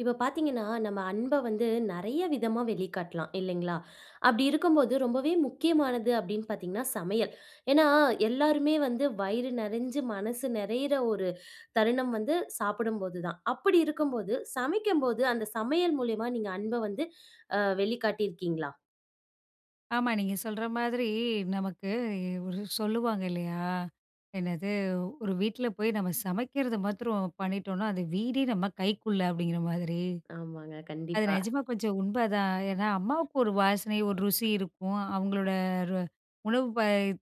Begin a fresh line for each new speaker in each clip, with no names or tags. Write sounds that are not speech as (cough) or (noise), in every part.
இப்போ பார்த்தீங்கன்னா, நம்ம அன்பை வந்து நெறைய விதமா வெளிக்காட்டலாம், இல்லைங்களா? அப்படி இருக்கும்போது, ரொம்பவே முக்கியமானது அப்படீன்னு பார்த்தீங்கன்னா சமையல். ஏன்னா, எல்லாருமே வந்து வயிறு நெறைஞ்சு, மனசு நெறையிற ஒரு தருணம் வந்து சாப்பிடும்போது தான். அப்படி இருக்கும்போது சமைக்கும்போது, அந்த சமையல் மூலியமா, நீங்க அன்பை வந்து அ வெளிக்காட்டியிருக்கீங்களா?
ஆமா, நீங்க சொல்ற மாதிரி நமக்கு ஒரு சொல்லுவாங்க இல்லையா? என்னது? "ஒரு வீட்ல போய் நம்ம சமைக்கிறத மாத்திரம் பண்ணிட்டோம்ன்னா, அந்த வீடே நம்ம கைக்குள்ள." அப்படீங்கிற மாதிரி.
ஆமாங்க.
அது
கண்டிப்பா.
நெஜமா கொஞ்சம் உண்மைதான். ஏன்னா, அம்மாவுக்கு ஒரு வாசனை, ஒரு ருசி இருக்கும். அவங்களோட ரு உணவு ப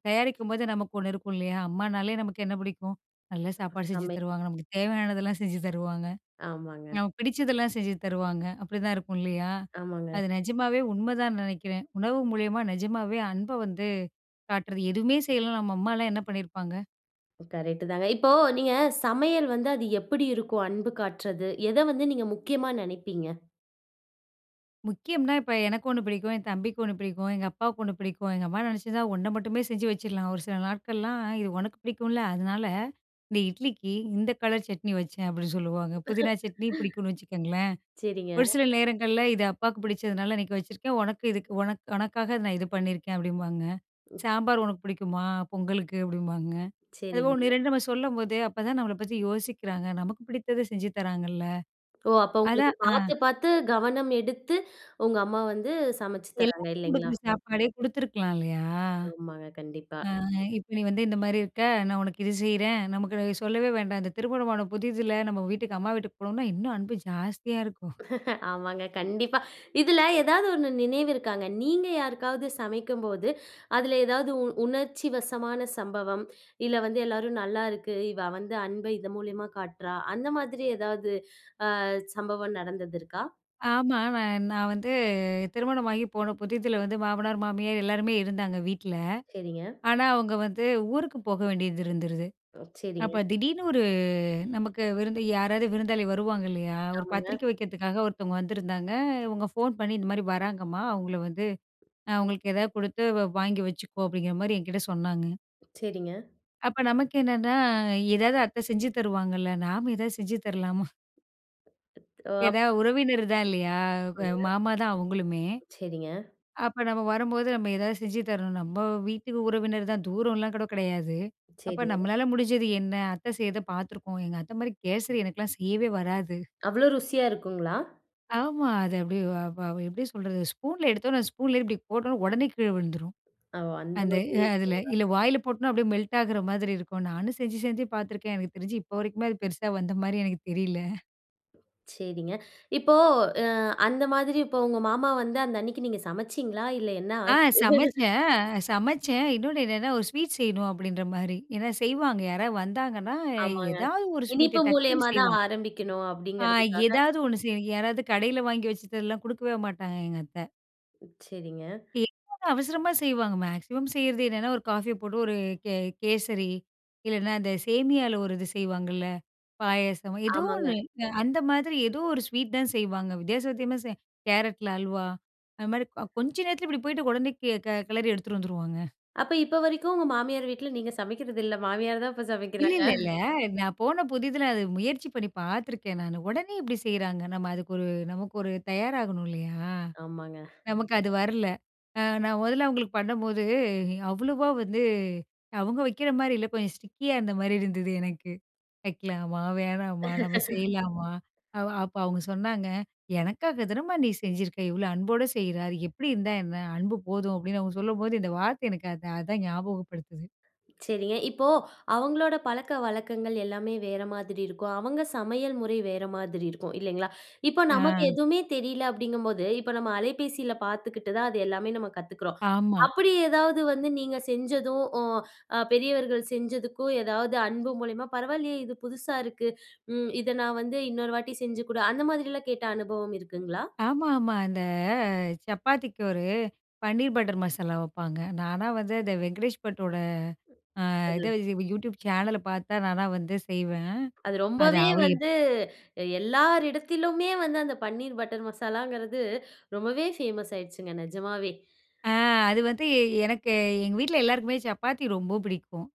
தயாரிக்கும்போது, நமக்கு ஒண்ணு இருக்கும் இல்லையா? அம்மானாலே நமக்கு என்ன பிடிக்கும்? "நல்ல
அ
சாப்பாடு செஞ்சு
சமை
தருவாங்க. நமக்கு தேவையானதெல்லாம் செஞ்சு தருவாங்க.
ஆமாங்க.
நமக்கு பிடிச்சதெல்லாம் செஞ்சு தருவாங்க." அப்படிதான் இருக்கும் இல்லையா?
ஆமாங்க.
அது நெஜமாவே உண்மைதான் நெனைக்கிறேன். உணவு மூலியமா நெஜமாவே அன்பை வந்து காட்டுறது. எதுவுமே செய்யலன்னா, நம்ம அம்மால்லாம் என்ன பண்ணியிருப்பாங்க?
ம் கரெக்டுதாங்க. இப்போ நீங்க சமையல் வந்து, அது எப்படி இருக்கும் அன்பு காட்டுறது? எத வந்து நீங்க முக்கியமா நெனைப்பீங்க?
முக்கியம்னா, இப்போ எனக்கு 1 பிடிக்கும், என் தம்பிக்கு 1 பிடிக்கும், எங்க அப்பாவுக்கு 1 பிடிக்கும். எங்க அம்மா நினைச்சிருந்தா, 1 மட்டுமே செஞ்சு வச்சுறலாம். ஒரு சில நாட்கள்லாம் "இது உனக்கு பிடிக்கும்ல, அதனால இந்த இட்லிக்கு இந்த கலர் சட்னி வச்சேன்." அப்படின்னு சொல்லுவாங்க. புதினா சட்னி பிடிக்கும்னு வச்சுக்கோங்களேன்.
(laughs) செரிங்க.
ஒரு சில நேரங்கள்ல "இது அப்பாவுக்கு பிடிச்சதுனால இன்னைக்கு வச்சிருக்கேன். உனக்கு இதுக்கு உனக்கு உனக்காக நான் இது பண்ணியிருக்கேன்." அப்படிம்பாங்க. "சாம்பார் உனக்கு பிடிக்குமா? பொங்கலுக்கு." அப்படிம்பாங்க. அது 1
செரிங்க.
2 நம்ம சொல்லும்போது, அப்ப தான் நம்மள பத்தி யோசிக்கிறாங்க. நமக்கு பிடிச்சது செஞ்சு தராங்கல்ல!
ஓ! அப்போ உங்களுக்கு
அதான் ஆ.
பார்த்து, பார்த்து கவனம் எடுத்து உங்க அம்மா வந்து சமைச்சி தராங்க
எல்லாருக்கும்
இல்லைங்களா?
கொடுக்குற சாப்பாடே கொடுத்துருக்கலாம் இல்லையா?
ஆமாங்க, கண்டிப்பா.
ஆ, இப்போ "நீ வந்து இந்த மாதிரி இருக்க. நான் உனக்கு இது செய்றேன்." நமக்கு சொல்லவே வேண்டாம். இந்த திருமணம் புதிதுல நம்ம வீட்டுக்கு அம்மா வீட்டுக்கு போணோம்னா இன்னும் அன்பு ஜாஸ்தியா இருக்கும்.
(laughs) ஆமாங்க, கண்டிப்பா. இதுல ஏதாது 1 நினைவு இருக்காங்க. நீங்க யாருக்காவது சமைக்கும்போது அதுல ஏதாது உ உணர்ச்சிவசமான சம்பவம். "இல்ல வந்து எல்லாரும் நல்லா இருக்கு. இவ வந்து அன்ப இதன் மூலியமா காட்டுறா." அந்த மாதிரி ஏதாது அ சம்பவம் நடந்தது இருக்கா?
ஆமா, நான் நான் வந்து திருமணமாகி போன புதிதுல வந்து மாமனார், மாமியார் எல்லாருமே இருந்தாங்க வீட்டில.
செரிங்க.
ஆனா அவங்க வந்து ஊருக்கு போக வேண்டியது இருந்துருது.
ஒ. செரிங்க.
அப்போ திடீர்னு ஒரு நமக்கு விருந்து யாராரு விருந்தாளி வருவாங்க இல்லையா, ஒரு
ஆமாங்க.
பத்திரிக்கை வைக்கிறதுக்காக ஒருத்தவங்க வந்திருந்தாங்க. இவங்க ஃபோன் பண்ணி, "இந்த மாதிரி வராங்கம்மா. அவங்கள வந்து, அ அவுங்களுக்கு ஏதாது கொடுத்து வாங்கி வச்சுக்கோ." அப்படிங்கிற மாதிரி என்கிட்ட சொன்னாங்க.
செரிங்க.
அப்ப நமக்கு என்னன்னா, "எதாவது அத்தை செஞ்சு தருவாங்கல்ல. நாம எதாவது செஞ்சு தரலாமா?"
ஒ, அப்
ஏனா உறவினர் தான் இல்லையா? க
சரிங்க.
மாமா தான் அவங்களுமே.
செரிங்க.
அப்போ நம்ம வரும்போது நம்ம ஏதாவது செஞ்சு தரணும். நம்ம வீட்டு உறவினர் தான் தூரம்லாம் கூட கிடையாது. அப்போ
செரி.
"நம்மளால முடிஞ்சது என்ன? அத்த செய்யறதை பார்த்துருக்கோம்." எங்க அத்தை மாதிரி கேசரி எனக்கெல்லாம் செய்யவே வராது.
அவ்ளோ ருசியா இருக்குங்களா?
ஆமா, அது அப்டி அ எப்படி சொல்றது, ஸ்பூன்ல எடுத்தோனே, ஸ்பூன்லேயே இப்படி போட்ட உடனே உடனே கீழே விழுந்துரும்.
ஓ! அந்த
அந்த அ
மாதிரியே இருக்குங்களா.
அதில, இல்ல வாயில போட்டனா அப்படியே மெல்ட் ஆகிற மாதிரி இருக்கும். நானும் செஞ்சு செஞ்சு பார்த்துருக்கேன். எனக்கு தெரிஞ்சு இப்ப வரைக்குமே அது பெருசா வந்த மாதிரி எனக்கு தெரியல.
செரிங்க. இப்போ அ அந்த மாதுரி இப்போ உங்க மாமா வந்து, அந்த அன்னிக்கு நீங்க சமைச்சீங்களா இல்ல என்ன
ஆ,
ஆச்சு? (laughs)
சமச்சேன். சமச்சேன். இன்னொன்னு என்னன்னா, ஒரு ஸ்வீட் செய்யணும் அப்படின்ற மாரி. ஏனா, செய்வாங்க யாராவது வந்தாங்கன்னா,
ஆமாங்க.
ஏதாவது ஒரு ஸ்வீட்ட
இனிப்பு
டக்குன்னு
மூலியமா தான்
செய்வாங்க.
ஆரம்பிக்கணும்
ஆ
அப்படிங்கிறதுக்காக.
ஏதாது ஒண்ணு செய்ய, யாராவது கடையில வாங்கி வச்சிட்டெல்லாம் குடுக்கவே மாட்டாங்க எங்கத்த.
செரிங்க.
(unintelligible) அவசரமா செய்வாங்க. மேக்ஸிமம் செய்றது என்னன்னா, ஒரு காஃபிய போட்டு ஒரு கே கேசரி, இல்லனா அந்த சேமியால ஒரு இது செய்வாங்கள்ல பாயாசம். ஏதோ ஒண்ணு
ஆமாங்க.
அந்த மாதிரி ஏதோ ஒரு ஸ்வீட் தான் செய்வாங்க. வித்தியாச வித்திமாச செய் கேரட்ல அல்வா, அந்த மாரி கொஞ்ச நேரத்தில இப்படி போய்ட்டு உடனே கெ க கெளறி எடுத்துட்டு வந்துருவாங்க.
அப்ப இப்ப வரைக்கும் உங்க மாமியார் வீட்ல நீங்க சமைக்கிறது இல்ல, மாமியார் தான் இப்போ சமைக்கிறாங்க.
இல்லல்லல்ல. நான் போன புதிதில அது முயற்சி பண்ணி பார்த்துருக்கே நானு. உடனே எப்படி செய்றாங்க. நம்ம அதுக்கு ஒரு நமக்கு ஒரு தயாராகணும் இல்லயா?
ஆமாங்க.
நமக்கு அது வரல. அ நான் மொதல்ல அவங்களுக்கு பண்ணும்போது, அவ்வளோவா வந்து அவுங்க வக்கிற மாரி இல்ல, கொஞ்சம் ஸ்டிக்கியா இருந்த மாரி இருந்தது. எனக்கு, வைக்கலாமா? வேணாமா? நம்ம
(laughs)
செய்யலாமா? அப்ப அவுங்க சொன்னாங்க. எனக்காக தனமா நீ செஞ்சிருக்க, இவ்வளோ அன்போட செய்யிற அது எப்படி இருந்தா என்ன? அன்பு போதும் அப்படின்னு அவங்க சொல்லும்போது, இந்த வார்த்தை எனக்கு அது அதான் ஞாபகப்படுத்துது.
செரிங்க. இப்போ அவங்களோட பழக்க வழக்கங்கள் எல்லாமே வேற மாதிரி இருக்கும். அவங்க சமையல் முறை வேற மாதிரி இருக்கும். இல்லைங்களா? இப்போ
ஆ.
நமக்கு எதுமே தெரியல அப்படிங்கும்போது, இப்ப நம்ம அலைபேசியில பார்த்துக்கிட்டு தான் அது எல்லாமே நம்ம கத்துக்கிறோம்.
ஆமா.
அப்படி ஏதாவது வந்து நீங்க செஞ்சதும், அ பெரியவர்கள் செஞ்சதுக்கும் எதாவது அன்பு மூலியமா, "பரவாயில்லையே, இது புதுசா இருக்கு. ம் இத நான் வந்து, இன்னொரு வாட்டி செஞ்சு குடு" அந்த மாரிலா கேட்ட அனுபவம் இருக்குங்களா?
ஆமாம்மா. இந்த அ சப்பாத்திக்கு ஒரு பன்னீர் பட்டர் மசாலா வப்பாங்க. நானா வந்து அந்த வெங்கடேஷ் பட்டோட, ஆ
அது.
இத யூடியூப் சேனல பார்த்தா நான்லாம் வந்து செய்வேன்.
அது
அத
ரொம்பவே
அவரு எப்
வந்து, எல்லாரிடத்திலுமே வந்து அந்த பன்னீர் பட்டர் மசாலங்கிறது ரொம்பவே ஃபேமஸ் ஆயிடுச்சுங்க நிஜமாவே.
ஆ அது வந்து எனக்கு, எங்க வீட்ல எல்லாருக்குமே சப்பாத்தி ரொம்ப பிடிக்கும்.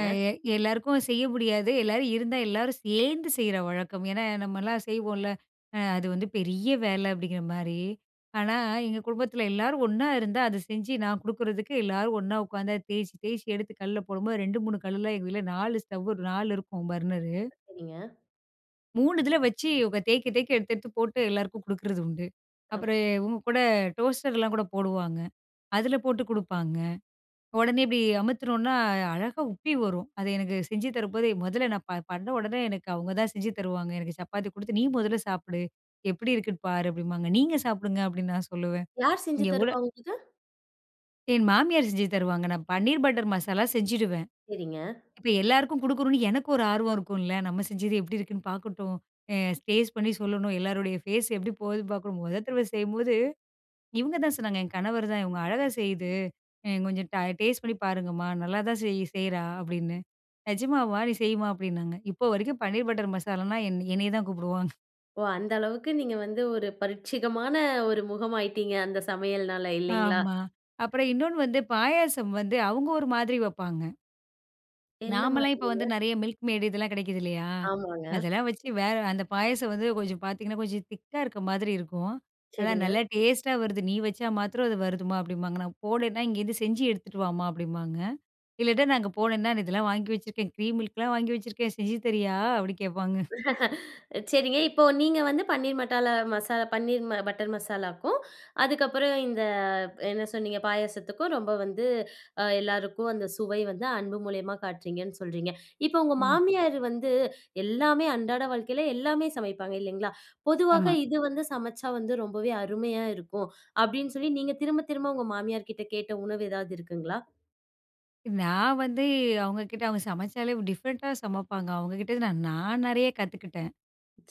அ எ எல்லாருக்கும் செய்ய முடியாது. எல்லாரும் இருந்தா எல்லாரும் சேர்ந்து செய்ற வழக்கம். ஏனா நம்மலா செய்வோல, அ அது வந்து பெரிய வேலை அப்படிங்கிற மாரி. ஆனா, எங்க குடும்பத்தில எல்லாரும் ஒண்ணா இருந்தா அது செஞ்சு நான் குடுக்குறதுக்கு எல்லாரும் ஒண்ணா உட்காந்து தேய்ச்சி, தேய்ச்சி எடுத்து கல்ல போடும்போது 2 3 கல்லுல, எங்க வீட்ல 4 ஸ்டவ்வு 4 இருக்கும் பர்னரு
சரிங்க.
3 இதில வச்சு, இவுங்க தேய்க்க தேய்க்க, எடுத்து எடுத்து போட்டு எல்லாருக்கும் குடுக்குறது உண்டு.
அம்
அப்புறம் இவுங்க கூட, டோஸ்டர்லாம் கூட போடுவாங்க. அதில போட்டு குடுப்பாங்க. உடனே இப்படி அமுத்துனோம்னா, அழகாக உப்பி வரும், அதை எனக்கு செஞ்சு தரும்போது மொதல்ல நான் ப பண்ண உடனே, எனக்கு அவுங்க தான் செஞ்சு தருவாங்க. எனக்கு சப்பாத்தி குடுத்து, "நீ முதல்ல சாப்பிடு. எப்படி இருக்குன்னு பாரு!" அப்படிம்பாங்க. "நீங்க சாப்பிடுங்க" அப்படின்னு நான் சொல்லுவேன்.
யார் செஞ்சு
இங்க எவ்வளோ
தருவா உங்களுக்கு?
என் மாமியார் செஞ்சு தருவாங்க. நான் பன்னீர் பட்டர் மசாலா செஞ்சுடுவேன்.
சரிங்க.
இப்ப எல்லாருக்கும் குடுக்கணும்னு எனக்கு ஒரு ஆர்வம் இருக்கும்ல! "நம்ம செஞ்சது எப்படி இருக்குன்னு பாக்கட்டும். அ டேஸ்ட் பண்ணி சொல்லணும். எல்லோருடைய ஃபேஸ் எப்படி போகுதுன்னு பார்க்கணும்!" மொத தடவை செய்யும்போது இவுங்க தான் சொன்னாங்க, என் கணவர் தான். "இவங்க அழகாக செய்யுது. அ கொஞ்சம் ட டேஸ்ட் பண்ணி பாருங்கம்மா. நல்லாதான் செய் செய்றா" அப்படின்னு. "நிஜமாவா! நீ செய்யுமா" அப்படின்னாங்க. இப்போ வரைக்கும் பன்னீர் பட்டர் மசாலான்னா என்னை என்னைய தான் கூப்பிடுவாங்க.
ஓ! அந்த அளவுக்கு நீங்க வந்து ஒரு 1 பரீட்சயமான 1 முகமாயிட்டீங்க. அந்த சமையல்னால, இல்லைங்களா?
ஆமா. அப்புறம் இன்னொண்ணு வந்து, பாயாசம் வந்து அவவுங்க ஒரு மாதிரி வப்பாங்க.
என்ன
நாமெல்லாம் இப்போ
மாதிரிங்க?
வந்து, நெறைய மில்க் மேய்டு, இதெல்லாம் கிடைக்குது இல்லையா,
ஆமாங்க.
அதெல்லாம் வச்சு வேற அந்த பாயாசம் வந்து கொஞ்சம் பாத்தீங்கன்னா, கொஞ்சம் திக்கா இருக்க மாதிரி இருக்கும். ஆனா,
சரிங்க.
"நல்லா டேஸ்ட்டா வருது. நீ வச்சா மாத்திரம் அது வருதும்மா." அப்பிடிம்பாங்க. நான் போனேன்னா, "இங்கேருந்து செஞ்சு எடுத்துகிட்டு வாம்மா" அப்படிம்பாங்க. இல்லாட்டா, நான் அங்க போனேனா, "நான் இதெல்லாம் வாங்கி வச்சுருக்கேன். கிரீம் மில்க்லாம் வாங்கி வச்சுருக்கேன். செஞ்சு தரியா?" அப்படி கேட்பாங்க
(laughs) அ சரிங்க. இப்போ, நீங்க வந்து பன்னீர் மசாலா மசாலா. பன்னீர் பட்டர் மசாலாக்கும், அதுக்கப்புறம் இந்த என்ன சொன்னீங்க? பாயாசத்துக்கும் ரொம்ப வந்து அ எல்லாருக்கும் அந்த சுவை வந்து அன்பு மூலியமா காட்றீங்கன்னு சொல்றீங்க. இப்போ உங்க
ம்.
மாமியாரு வந்து எல்லாமே அன்றாட வாழ்க்கைல எல்லாமே சமைப்பாங்க, இல்லைங்களா? பொதுவா,
ஆமா.
"இது வந்து சமைச்சா வந்து, ரொம்பவே அருமையா இருக்கும்" அப்படின்னு சொல்லி நீங்க திரும்ப-திரும்ப உங்கள் மாமியார்கிட்ட கேட்ட உணவு ஏதாவது இருக்குங்களா?
நான் வந்து, அவுங்க கிட்ட அவுங்க சமைச்சாலே டிஃபரண்ட்டா சமப்பாங்க. அவுங்க கிட்டருந்து நான் நெறய கத்துக்கிட்டேன்.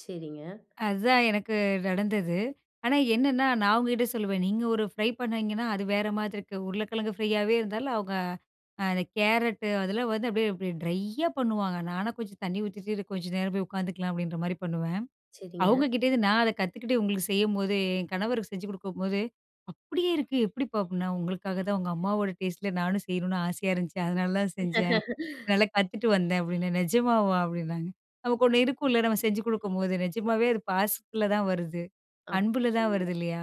செரிங்க.
அதான் எனக்கு நடந்தது. ஆனா, என்னான்னா, நான் அவுங்ககிட்ட சொல்லுவேன். நீங்க ஒரு ஃப்ரை பண்ணிங்கன்னா, அது வேற மாதிரிருக்கு. உருளைக்கிழங்கு ஃப்ரையாவே இருந்தாலும் அவுங்க அந்த கேரட் அதெல்லாம் வந்து, அப்படியே அப்படியே ட்ரையா பண்ணுவாங்க. நான்னா, கொஞ்சம் தண்ணீ ஊத்திட்டு சேரி கொஞ்சம் நேரம் போய் உக்காந்துக்கலாம், அப்படின்ற மாரி பண்ணுவேன். அவுங்க
செரிங்க.
கிட்டேருந்து, நான் அதை கத்துக்கிட்டு, உங்களுக்கு செய்யம்போதே, என் கணவருக்கு செஞ்சு குடுக்கும்போது, "அப்படியே இருக்கு, எப்டிப்பா?" அப்படின்னா. "உங்களுக்காக தான், உங்க அம்மாவோட டேஸ்ட்ல, நானும் செய்யணுனு ஆசையா இருந்துச்சு. அதனால தான் செஞ்சேன். நல்லா கத்துட்டு வந்தேன்" அப்படின்னேன். "நெஜமாவா?" அப்படின்னாங்க. நமக்கு ஒண்ணு இருக்கும்ல. நம்ம செஞ்சு குடுக்கும்போது, நெஜமாவே அது, பாசத்துல தான் வருது.
அப்
அன்புல
(unintelligible)
தான் வருது. இல்லையா?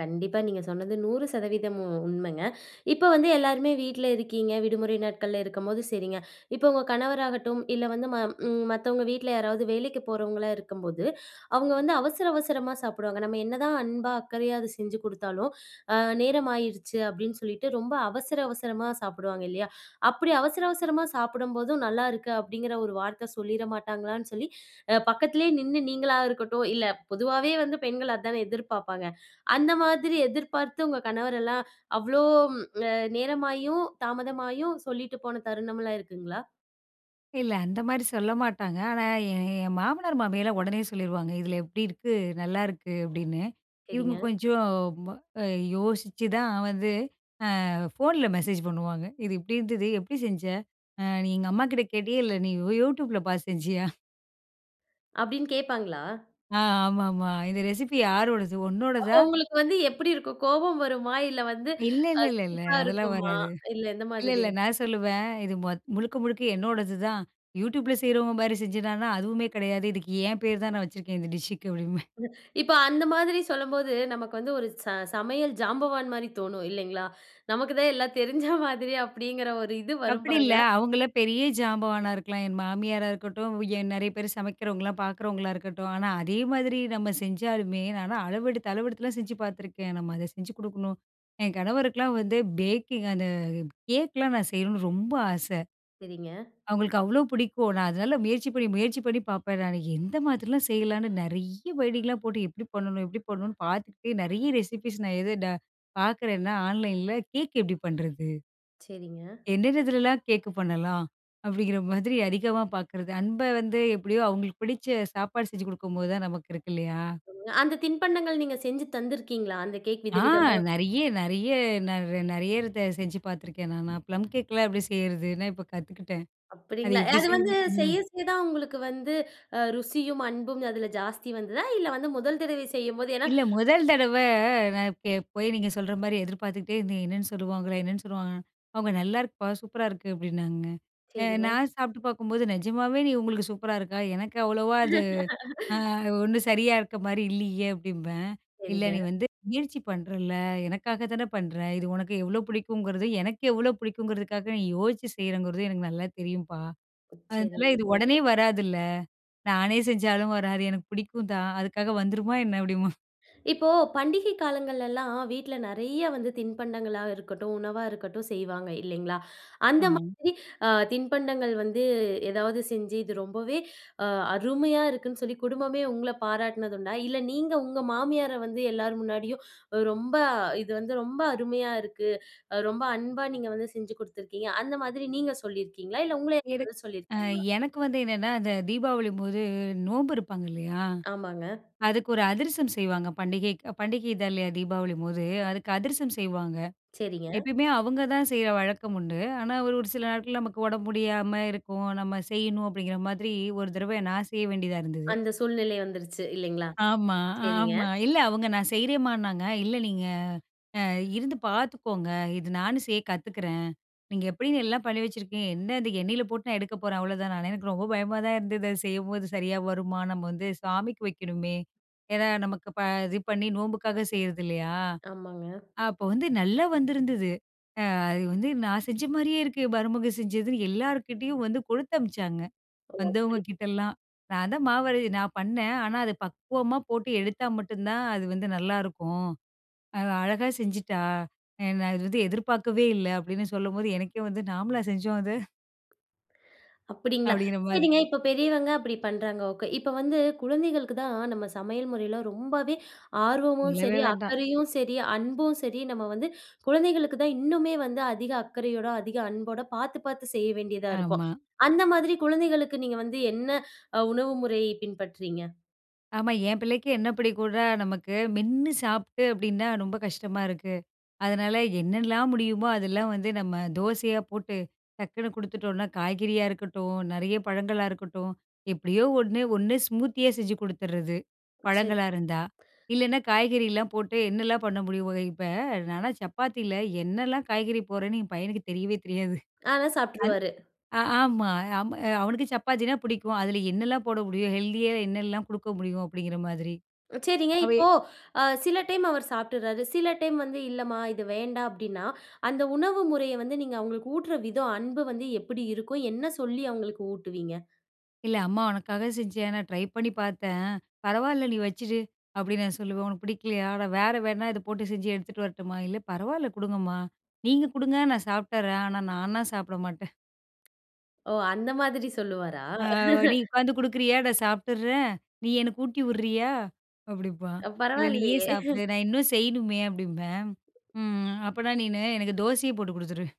கண்டிப்பா, நீங்க சொன்னது 100% உ உண்மங்க. இப்ப வந்து, எல்லாருமே வீட்ல இருக்கீங்க. விடுமுறை நாட்கள்ல, இருக்கம்போது சரிங்க. இப்ப உங்க கணவராகட்டும், இல்ல வந்து ம ம் மத்தவங்க வீட்ல யாராவது வேலைக்கு போறவங்களா இருக்கம்போது, அவுங்க வந்து, அவசர அவசரமா சாப்பிடுவாங்க. நம்ம என்னதான் அன்பா, அக்கறையா அத செஞ்சு குடுத்தாலும், அ, "நேரமாயிருச்சு" அப்படின்னு சொல்லிட்டு, ரொம்ப அவசர அவசரமா சாப்பிடுவாங்க இல்லையா? அப்படி அவசர அவசரமா, சாப்படம்போதும், "நல்லாயிருக்கு" அப்படிங்கிற ஒரு வார்த்த சொல்லிற மாட்டாங்களான்னு சொல்லி, அ, பக்கத்திலேயே நின்னு நீங்களா இருக்கட்டும் இல்ல பொதுவாவே வந்து, பெண்கள் அதானே எதிர்ப்பாப்பாங்க. அந்த மாதிரி எதிர்பார்த்து, உங்க கணவரெல்லாம், அவ்வளோ ம் நேரமாயும், தாமதமாயும், சொல்லிட்டு போன தருணம்லாம், இருக்குங்களா?
இல்லை. அந்த மாரி சொல்ல மாட்டாங்க. ஆனா, எ எ என் மாமனார், மாமியார்லாம் ஒடனே சொல்லிருவாங்க. "இதில எப்டி இருக்கு நல்லாயிருக்கு." அப்படின்னு. இவுங்க
சரிங்க.
கொஞ்சம் ம அ யோசிச்சுதான் வந்து அ ஃபோன்ல மெசேஜ் பண்ணுவாங்க. "இது இப்டி இருந்தது. எப்டி செஞ்ச? அ நீ எங்க அம்மாகிட்ட கேட்டியா? இல்ல, நீ யூ YouTubeல பாத்து செஞ்சியா?"
அப்படின்னு கேப்பாங்களா?
ஆ. ஆமாமா. "இந்த ரெசிபி யாரோடது?
அப்போ,
உன்னோடதா?"
உங்களுக்கு வந்து எப்படி இருக்கும்? கோபம் வருமா, இல்ல வந்து அ
இல்லல்லல.
சிரிப்பா
அதெல்லாம்
இருக்குமா?
வராது.
இல்ல எந்த
இல்ல
மாதிரி?
இல்ல. நான் சொல்லுவேன். "இது மொத் முழுக்க முழுக்க என்னோடது தான். YouTubeல செய்றவங்க மாரி செஞ்சதான்னா? அதுவுமே கெடையாது. இதுக்கு என் பேர் தான் நான் வச்சுருக்கேன். இந்த டிஷ்ஷுக்கு" அப்டின்ம்பேன்.
(unintelligible) இப்போ அந்த மாதிரி சொல்லும்போது. நமக்கு வந்து 1 ச சமையல் ஜாம்பவான் மாரி தோணும். இல்லைங்களா? நமக்கு தான் எல்லாம் தெரிஞ்ச மாதிரி, அப்படிங்கிற ஒரு இது வரும்
அப்படி
பாருங்க.
இல்ல. அவங்களலாம் பெரிய ஜாம்பவானா இருக்கலாம். என் மாமியாரா இருக்கட்டும், வ் ஏன் நெறைய பேரு சமைக்கிறவங்கல்லாம் பாக்குறவங்களா இருக்கட்டும், ஆனா, அதே மாதிரி நம்ம செஞ்சாலுமே நான்லாம் அளவெடுத்து அளவெடுத்தலாம் செஞ்சு பாத்துருக்கேன். நம்ம அதை செஞ்சு கு டுக்கணும் என் கணவருக்கெலாம் வந்து பேக்கிங் அந்த கேக்கலாம் நான் செய்யணும்னு ரொம்ப ஆசை.
சரிங்க.
அவுங்களுக்கு அவ்வளோ பிடிக்கும். நான் அதனால முயற்சி பண்ணி முயற்சி பண்ணி பாப்பேன், நானு. எந்த மாதிரிலாம் செய்யலான்னு, நெறைய வேடிங்லாம் போட்டு எப்படி பண்ணனும்? எப்படி பண்ணனும்ன்னு பாத்துகிட்டே, நெறய ரெசிப்பீஸ் நான் எது ட பாக்குறேன்னா, onlineல, கேக் எப்டி பண்ணுறது?
சரிங்க.
"என்னன்னதுல்லலாம் கேக்கு பண்ணலாம்?" அப்படிங்கிற மாதிரி அதிகமா பாக்குறது. அன்ப வந்து எப்படியோ, அவுங்களுக்கு பிடிச்ச சாப்பாடு செஞ்சு குடுக்கும்போது தான் நமக்கு இருக்கு, இல்லையா.
சொல்லுங்க. அந்த தின்பண்டங்கள் நீங்க செஞ்சு தந்திருக்கீங்களா? அந்த கேக்
ஆ
விதவிதமா?
நெறைய நெறைய நான் ரா நெறையா தடவ செஞ்சு பாத்துருக்கேன் நான். நான் ப்ளம் கேக்லாம் எப்படி செய்யறதுன்னா இப்போ கத்துக்கிட்டேன். அது
அப்படீங்களா?
எப்படி
அது வந்து
செய்வேன்?
செய்ய
ம்.
செய்ய தான் உங்களுக்கு வந்து அ ருசியும், அன்பும் அதில ஜாஸ்தி வந்துதா? இல்ல வந்து முதல் தடவை செய்யும்போது ஏன்னா
இல்ல. முதல் தடவை நான் இப்ப போய் நீங்க சொல்ற மாரி, எதிர்பாத்துகிட்டே இருந்தேன். என்னான்னு சொல்லுவாங்களோ? என்னான்னு சொல்லுவாங்களோன்னு. அவுங்க, "நல்லாருக்குப்பா. சூப்பரா இருக்கு" அப்டின்னாங்க. அ
சரிங்க.
நான் சாப்பிட்டு பாக்கும்போது, "நெஜமாவே நீ உங்களுக்கு சூப்பரா இருக்கா? எனக்கு அவ்வளவா அது, அ
(laughs)
ஒண்ணும் சரியா இருக்க மாரி இல்லியே" அப்டிம்பேன். "இல்ல.
சரிங்க.
நீ வந்து முயற்சி பண்றல்ல! எனக்காக தானே பண்ணுற? இது உனக்கு எவ்வளோ பிடிக்குங்கிறது எனக்கு எவ்ளோ பிடிக்குங்கிறதுக்காக, நீ யோசிச்சு செய்றேங்கிறது, எனக்கு நல்லா தெரியும்ப்பா.
அ,
அதனால
சரிங்க.
இது உடனே வராதுல்ல! நானே செஞ்சாலும் வராது. எனக்கு பிடிக்கும் தான். அதுக்காக வந்துருமா என்ன?" அப்பிடீம்பாங்க.
இப்போ, பண்டிகை காலங்களலாம், வீட்ல நெறைய வந்து, தின்பண்டங்களா இருக்கட்டும், உணவா இருக்கட்டும் செய்வாங்க, இல்லைங்களா. அந்த
ஆமாங்.
மாதிரி, அ தின்பண்டங்கள் வந்து ஏதாவது செஞ்சு, இது ரொம்பவே அ அருமையா இருக்குன்னு சொல்லி, குடும்பமே உங்ள பாராட்டினது உண்டா? இல்ல, நீங்க உங்க மாமியார வந்து எல்லார் முன்னாடியும், "ரொம்ப இது வந்து ரொம்ப அருமையா இருக்கு. ரொம்ப அன்பா நீங்க வந்து, செஞ்சு குடுத்துருக்கீங்க." அந்த மாதிரி, நீங்க சொல்லிருக்கீங்களா? இல்ல, உங்கள
எனக்
(unintelligible)
அ
சொல்லிருக்காங்களா?
எனக்கு வந்து என்னன்னா, அந்த தீபாவளிபோது நோம்பு இருப்பாங்க இல்லையா,
ஆமாங்க.
அதுக்கு ஒரு அதிர்சம் செய்வாங்க, பண்டிகைக்கு. பண்டிகைதா இல்லையா, தீபாவளிம்போது. அதுக்கு அதிர்சம் செய்வாங்க.
செரிங்க.
எப்பயுமே அவுங்க தான், செய்ற வழக்கம் உண்டு. ஆனா, ஒரு ஒரு சில நாட்கள், நமக்கு உடம்பு முடியாம இருக்கும். "நம்ம செய்யணும்." அப்படிங்கிற மாதிரி, 1 தடவ நான் செய்ய வேண்டியதா இருந்தது.
அந்த சூழ்நிலை வந்துருச்சு, இல்லைங்களா,
ஆமா,
செரிங்க.
ஆமா. இல்ல, அவுங்க நான் செய்றேன்மான்னாங்க. "இல்ல நீங்க, அ இருந்து பாத்துக்கோங்க. இது நானும் செய்ய கத்துக்கிறேன். நீங்க எப்படின்னு, எல்லாம் பண்ணி வச்சிருக்கீங்க. என்ன இது எண்ணெயில போட்டு, நான் எடுக்க போறேன்," அவ்ளோ தானே! எனக்கு ரொம்ப பயமா தான் இருந்தது, அது செய்யம்போது. "சரியா வருமா? நம்ம வந்து சாமிக்கு வைக்கணுமே." ஏன்னா நமக்கு ப இது பண்ணி நோம்புக்காக செய்றது இல்லையா.
ஆமாங்க.
அப்ப வந்து, நல்லா வந்திருந்தது. ''அ அது வந்து நான் செஞ்ச மாரியே இருக்கு, மருமக செஞ்சதுன்னு'' எல்லார்கிட்டயும் வந்து கொடுத்தமிச்சாங்க, வந்தவங்க கிட்டலாம். நான் தான் மாவரை நான் பண்ணேன். ஆனா, அது பக்குவமா போட்டு எடுத்தா மட்டுந்தான் அது வந்து நல்லாருக்கும். அவ அழகா செஞ்சுட்டா. நான் இது வந்து எதிர்பார்க்கவே இல்ல. அப்டின்னு சொல்லம்போது, எனக்கே வந்து, "நாமள செஞ்சோம், அது?"
அப்பிடிங்களா?
அப்டிங்கிற மாதி
சரிங்க, இப்போ பெரியவங்க அப்டி பண்றாங்க, ஓகே! இப்போ வந்து, குழந்தைகளுக்கு தான் நம்ம சமையல் முறையில ரொம்பவே ஆர்வமும்
சொல்லவே
சரி,
வேண்டாம்.
அக்கறையும் சரி, அன்பும் சரி நம்ம வந்து, குழந்தைகளுக்கு தான் இன்னுமே வந்து, அதிக அக்கறையோட, அதிக அன்போட பாத்து பாத்து செய்ய வேண்டியதா இருக்கும்.
ஆமா.
அந்த மாதிரி குழந்தைகளுக்கு, நீங்க வந்து என்ன அ உணவு முறையை பின்பற்றுறீங்க?
ஆமா. என் பிள்ளைக்கு என்ன புடிக்கும்ன்னா? நமக்கு மென்னு சாப்புட்டு அப்டின்னா ரொம்ப கஷ்டமா இருக்கு. அதனால, என்னாலாம் முடியுமோ? அதெல்லாம் வந்து நம்ம தோசையா போட்டு, டக்குனு கொடுத்துட்டோம்னா, காய்கறியா இருக்கட்டும், நெறைய பழங்களா இருக்கட்டும், எப்படியோ 1. 1 ஸ்மூத்தியா செஞ்சு குடுத்துடுர்றது.
சரி.
பழங்களா இருந்தா. இல்லைன்னா காய்கறில்லாம் போட்டு என்னலாம் பண்ண முடியுமோங்க? இப்ப நான்லாம் சப்பாத்தில, என்னாலாம் காய்கறி போடுறேன்னு என் பையனுக்கு தெரியவே தெரியாது.
ஆனா,
அது
சாப்புட்டுருவாரு!
ஆ ஆமா அ ஆமா. அவனுக்கு சப்பாத்தினா பிடிக்கும். அதில என்னலாம் போட முடியும்? ஹெல்த்தியா என்னலாம் குடுக்க முடியும்? அப்படிங்கிற மாதிரி.
ம் சரிங்க.
அவன்
இப்போ, அ சில டைம் அவர் சாப்ட்டுர்றாரு. சில டைம் வந்து, "இல்லம்மா இது வேண்டாம்" அப்டீன்னா, அந்த உணவு முறைய வந்து, நீங்க அவுங்களுக்கு ஊட்டுற விதம் அன்பு வந்து எப்பிடி இருக்கும்? என்ன சொல்லி அவுங்களுக்கு ஊட்டுவீங்க?
"இல்ல. அம்மா உனக்காக செஞ்சேன். நான் ட்ரை பண்ணி பார்த்தேன். பரவால்ல, நீ வச்சுடு." அப்டின்னு நான் சொல்லுவேன். "உனக்கு பிடிக்கலையா? நான் வேற வேணா, இத போட்டு செஞ்சு எடுத்துட்டு வரட்டுமா?" `இல்ல, பரவால்ல குடுங்கம்மா. நீங்க குடுங்க. நான் சாப்ட்டர்றேன். ஆனா, நானா சாப்ட மாட்டேன்.'
ஓ! அந்த மாதிரி சொல்லுவாரா?
ஆ. `நீ
(laughs)
உட்காந்து குடுக்குறியா? நான் சாப்ட்டுர்றேன். நீ எனக்கு ஊட்டி விட்றியா?' அப்படிம்பான்.
அ
"இல்ல, நீயே
பரவால்லையே.
சாப்புடு.
(laughs)
நான் இன்னும் செய்யணுமே" அப்பிடீம்பேன். `ம். அப்பனா, நீனு எனக்கு தோசையே போட்டு குடுத்துரு.'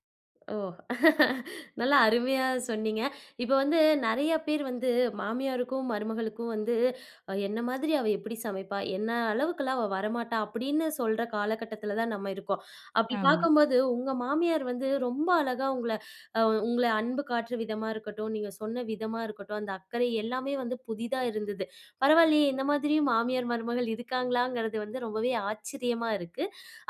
ஓ! (laughs) நல்லா அருமையா சொன்னீங்க. இப்போ வந்து நிறையா பேர் வந்து, மாமியாருக்கும், மருமகளுக்கும் வந்து, "என்ன மாதிரி அவ எப்படி சமைப்பா? என்ன அளவுக்கெல்லாம் அவ வரமாட்டா?" அப்டின்னு சொல்ற காலகட்டத்தில தான் நம்ம இருக்கோம். அப்டி
ஆமா.
பார்க்கும்போது, உங்க மாமியார் வந்து ரொம்ப அழகா உங்கள அ உங்கள அன்பு காட்டுற விதமா இருக்கட்டும், நீங்க சொன்ன விதமா இருக்கட்டும், அந்த அக்கறை எல்லாமே வந்து புதிதா இருந்தது. பரவால்லையே! இந்த மாதிரியும் மாமியார், மருமகள் இருக்காங்களாங்கிறது வந்து ரொம்பவே ஆச்சரியமா இருக்கு.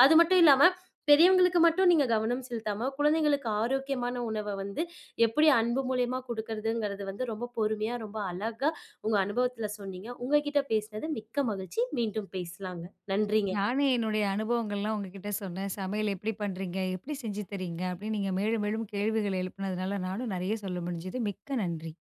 அது மட்டும் இல்லாம, பெரியவங்களுக்கு மட்டும், நீங்க கவனம் செலுத்தாம, குழந்தைகளுக்கு ஆரோக்கியமான உணவ வந்து, எப்படி அன்பு மூலியமா கொடுக்கறதுங்கிறது வந்து ரொம்ப பொறுமையா, ரொம்ப அழகா உங்க அனுபவத்தில சொன்னீங்க. உங்க கிட்ட பேசினது மிக்க மகிழ்ச்சி. மீண்டும் பேசலாங்க. நன்றிங்க.
நானும், என்னுடைய அனுபவங்கள்லாம் உங்ககிட்ட சொன்னேன். "சமையல் எப்படி பண்றீங்க? எப்படி செஞ்சு தர்றீங்க? "அப்டின்னு நீங்க மேலும், மேலும் கேள்விகள் எழுப்பினதுனால, நானும் நிறைய சொல்ல முடிஞ்சது. மிக்க நன்றி.